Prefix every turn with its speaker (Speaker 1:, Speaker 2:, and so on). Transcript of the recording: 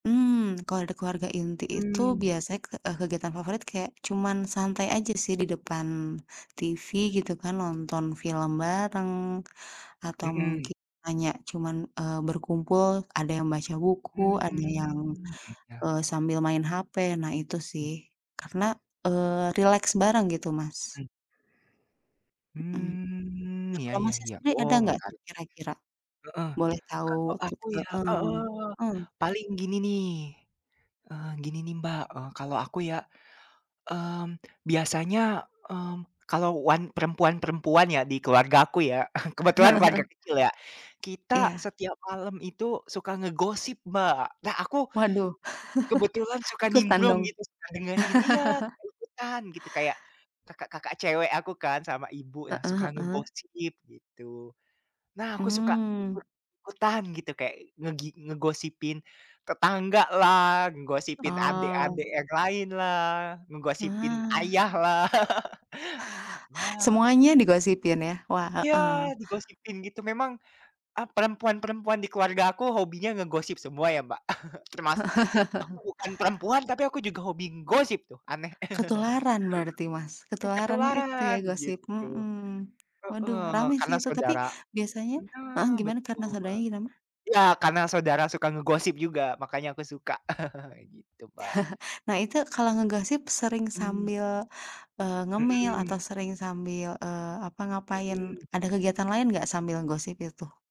Speaker 1: Mmm, kalau ada keluarga inti itu
Speaker 2: Mhm.
Speaker 1: biasanya ke eee, kegiatan favorit kayak cuman santai aja sih di depan TV gitu kan. Nonton film bareng atau
Speaker 2: Mhm.
Speaker 1: mungkin hanya cuman, eee, berkumpul. Ada yang baca buku, ada
Speaker 2: Mmm.
Speaker 1: yang,
Speaker 2: Jeda.
Speaker 1: eee, sambil main HP. Nah itu
Speaker 2: Mmm.
Speaker 1: sih. Karena, eee, rileks bareng gitu, Mas.
Speaker 2: Mhm.
Speaker 1: Mhm.
Speaker 2: Mmm,
Speaker 1: Nah
Speaker 2: ya
Speaker 1: kalau
Speaker 2: ya
Speaker 1: Masnya
Speaker 2: ya
Speaker 1: sendiri ada
Speaker 2: oh
Speaker 1: nggak tuh
Speaker 2: menarik.
Speaker 1: kira-kira?
Speaker 2: Heeh,
Speaker 1: Boleh tahu
Speaker 2: kalau
Speaker 1: ti
Speaker 2: aku ya ah
Speaker 1: heeh.
Speaker 2: hah,
Speaker 1: Heeh.
Speaker 2: paling gini nih, eee, gini nih, Mbak. Eee, kalau aku ya, mmm, biasanya, mmm, kalau wan perempuan-perempuan ya di keluargaku ya, kebetulan keluarga kecil ya,
Speaker 1: Heeh heeh.
Speaker 2: kita
Speaker 1: Iya.
Speaker 2: setiap malam itu suka ngegosip, Mbak. Nah aku
Speaker 1: Waduh,
Speaker 2: kebetulan suka
Speaker 1: ikutan
Speaker 2: nimbrung
Speaker 1: dong.
Speaker 2: gitu, suka dengerin. Iya, suka ikutan gitu. Kayak kakak-kakak cewek aku kan sama ibu, nah
Speaker 1: Heeh
Speaker 2: suka
Speaker 1: heeh.
Speaker 2: ngegosip gitu. Nah aku suka
Speaker 1: Mmm.
Speaker 2: ikut-ikutan gitu, kayak ngegi ngegosipin tetanggalah, ngegosipin
Speaker 1: Oh.
Speaker 2: adek-adek yang lainlah, ngegosipin
Speaker 1: Nah.
Speaker 2: ayahlah. Nah
Speaker 1: Semuanya digosipin ya, wah,
Speaker 2: Iya
Speaker 1: heeh.
Speaker 2: digosipin gitu, memang ap perempuan-perempuan di keluarga aku hobinya ngegosip semua ya, Mbak. Termas aku bukan perempuan tapi aku juga hobi ngegosip tuh aneh.
Speaker 1: Ketularan berarti, Mas, ketularan itu ya
Speaker 2: Ketularan,
Speaker 1: gosip,
Speaker 2: gitu.
Speaker 1: mhm. Waduh
Speaker 2: Heeh,
Speaker 1: rame sih
Speaker 2: karena
Speaker 1: itu tapi
Speaker 2: saudara.
Speaker 1: biasanya heeh,
Speaker 2: Nah
Speaker 1: gimana karena
Speaker 2: betul.
Speaker 1: saudaranya kenapa?
Speaker 2: Iya karena saudara suka ngegosip juga, makanya aku suka. Gitu, Mbak.
Speaker 1: Nah itu kalau ngegosip sering
Speaker 2: Mmm.
Speaker 1: sambil, eee, ngemil
Speaker 2: Mhm.
Speaker 1: atau sering sambil, eee, apa ngapain,
Speaker 2: Mhm.
Speaker 1: ada kegiatan lain nggak sambil gosip itu?